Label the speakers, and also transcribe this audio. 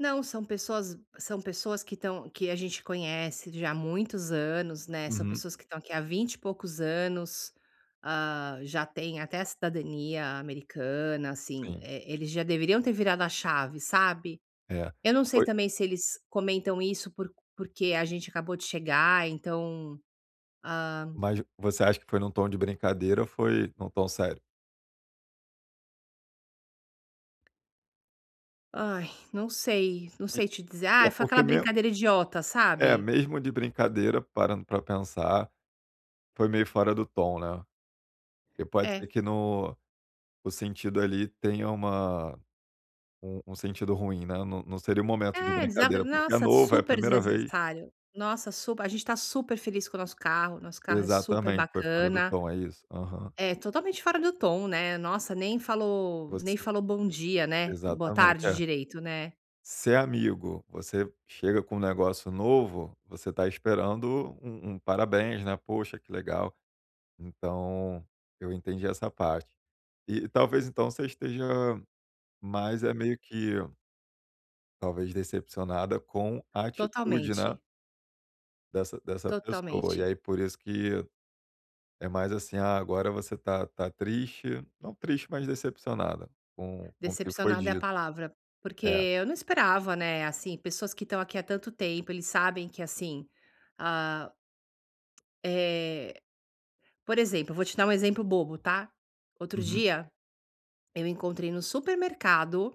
Speaker 1: Não, são pessoas são pessoas que estão que a gente conhece já há muitos anos, né. São
Speaker 2: Uhum.
Speaker 1: pessoas que estão aqui há vinte e poucos anos, ah, já têm até a cidadania americana, assim.
Speaker 2: Sim.
Speaker 1: Eh, eh eles já deveriam ter virado a chave, sabe.
Speaker 2: É,
Speaker 1: Eu não sei
Speaker 2: foi
Speaker 1: também se eles comentam isso porque porque a gente acabou de chegar, então, ah
Speaker 2: Mas você acha que foi num tom de brincadeira ou foi em um tom sério?
Speaker 1: Ai não sei, não
Speaker 2: E
Speaker 1: sei te dizer ah
Speaker 2: é
Speaker 1: foi aquela
Speaker 2: porque mesmo
Speaker 1: brincadeira idiota,
Speaker 2: É,
Speaker 1: sabe?
Speaker 2: mesmo de brincadeira, parando para pensar, foi meio fora do tom, né. E pode ser
Speaker 1: É.
Speaker 2: que no no sentido ali tenha uma um um sentido ruim, né. Não não seria o momento de
Speaker 1: É, desa
Speaker 2: brincadeira,
Speaker 1: não,
Speaker 2: porque é
Speaker 1: nossa,
Speaker 2: novo, é a
Speaker 1: super
Speaker 2: primeira vez
Speaker 1: desnecessário. Nossa, sup a gente está super feliz com o nosso carro, nosso carro é super
Speaker 2: Exatamente, foi fora do
Speaker 1: bacana.
Speaker 2: tom, é isso. Aham.
Speaker 1: É totalmente fora do tom né, nossa nem falou
Speaker 2: Você
Speaker 1: nem falou bom dia, né, boa
Speaker 2: exatamente,
Speaker 1: tarde
Speaker 2: é.
Speaker 1: direito, né.
Speaker 2: Se é amigo, você chega com um negócio novo, você tá esperando um um parabéns, né, poxa que legal. Então, eu entendi essa parte. E talvez então você esteja, mais é meio que talvez, decepcionada com a atitude, né.
Speaker 1: Totalmente.
Speaker 2: Dessa dessa pessoa e
Speaker 1: Totalmente.
Speaker 2: aí por isso que é mas, assim, ah, agora você tá tá triste não triste mas decepcionada com com o que foi
Speaker 1: Decepcionada é a
Speaker 2: dito.
Speaker 1: palavra, porque
Speaker 2: É.
Speaker 1: eu não esperava, né, assim, pessoas que estão aqui há tanto tempo eles sabem que assim, ah Eh, por exemplo eu vou te dar um exemplo bobo, tá? Outro
Speaker 2: Uhum.
Speaker 1: dia eu encontrei no supermercado